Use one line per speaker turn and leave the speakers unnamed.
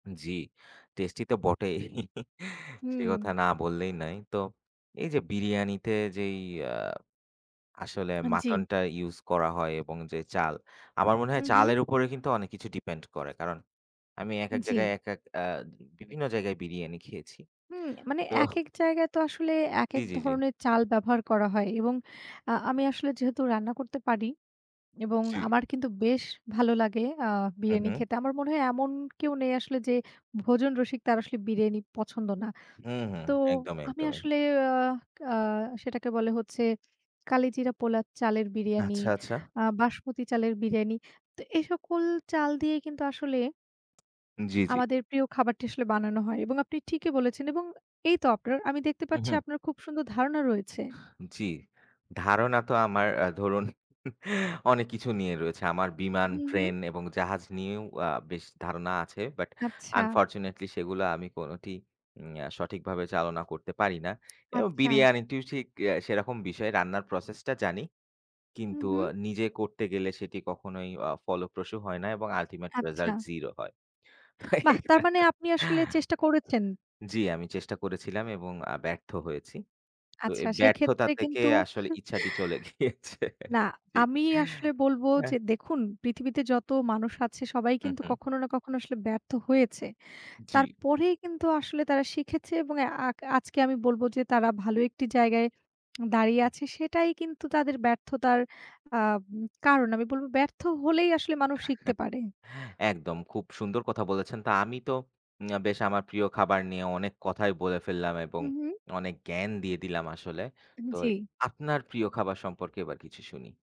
জি, tasty তো বটেই সে কথা
হু।
না বললেই নাই। তো এই যে বিরিয়ানিতে যেই আ আসলে
আন জি।
মাটনটা ইউজ করা হয় এবং যে চাল, আমার মনে
হু,
হয়
হু।
চালের উপরে কিন্তু অনেক কিছু ডিপেন্ড করে। কারণ আমি একেক জায়গায়
জি।
আহ বিভিন্ন জায়গায় বিরিয়ানি খেয়েছি।
হুম, মানে
তো
একেক জায়গায় তো আসলে
জি,
একেক
জি, জি।
ধরনের চাল ব্যবহার করা হয়। এবং আ আমি আসলে যেহেতু রান্না করতে পারি, এবং
জি।
আমার কিন্তু বেশ ভালো লাগে আ
হু,
বিরিয়ানি
হু।
খেতে। আমার মনে হয়, এমন কেউ নেই আসলে যে ভোজন রসিক, তার আসলে বিরিয়ানি পছন্দ না।
হুম, হুম।
তো
একদমই,
আমি
একদমই।
আসলে আ ক আহ সেটাকে বলে হচ্ছে কালিজিরা পোলার চালের বিরিয়ানি,
আচ্ছা, আচ্ছা।
আ বাসমতি চালের বিরিয়ানি। তো এই সকল চাল দিয়ে কিন্তু আসলে
জি, জি।
আমাদের প্রিয় খাবারটি আসলে বানানো হয়, এবং আপনি ঠিকই বলেছেন, এবং এই তো আপনার, আমি দেখতে পাচ্ছি,
উহুম।
আপনার খুব সুন্দর ধারণা রয়েছে।
জি, ধারণা তো আমার আ ধরুন অনেক কিছু নিয়ে রয়েছে। আমার বিমান,
হু, হু।
ট্রেন এবং জাহাজ নিয়েও আ বেশ ধারণা আছে। বাট
আচ্ছা।
unfortunately সেগুলো আমি কোনটি উম আ সঠিকভাবে চালনা করতে পারি না। এবং
আচ্ছা।
বিরিয়ানিটি ঠিক সেরকম বিষয়, রান্নার প্রসেসটা জানি,
হুম,
কিন্তু
হুম।
নিজে করতে গেলে সেটি কখনোই অ ফলপ্রসু হয় না, এবং ultimate
আচ্ছা।
result zero হয়। তো
বাহ! তার
এইবা
মানে আপনি আসলে চেষ্টা করেছেন?
জি, আমি চেষ্টা করেছিলাম এবং আ ব্যর্থ হয়েছি। তো
আচ্ছা,
এই ব্যর্থতা
সেক্ষেত্রে
থেকে
কিন্তু
আসলে ইচ্ছাটি চলে গিয়েছে
না,
জি।
আমি আসলে বলব যে,
এহ।
দেখুন, পৃথিবীতে যত মানুষ আছে, সবাই
হু,
কিন্তু
হু।
কখনো না কখনো আসলে ব্যর্থ হয়েছে।
জি।
তারপরেই কিন্তু আসলে তারা শিখেছে, এবং আক আজকে আমি বলব যে তারা ভালো একটি জায়গায় দাঁড়িয়ে
হু।
আছে। সেটাই কিন্তু তাদের ব্যর্থতার আহ ম কারণ। আমি বলব, ব্যর্থ হলেই আসলে মানুষ শিখতে পারে।
একদম খুব সুন্দর কথা বলেছেন। তা, আমি তো উম বেশ আমার প্রিয় খাবার নিয়ে অনেক কথাই বলে ফেললাম এবং
হুম, হুম।
অনেক জ্ঞান দিয়ে দিলাম আসলে।
উম,
তো
জি।
আপনার প্রিয় খাবার সম্পর্কে এবার কিছু শুনি।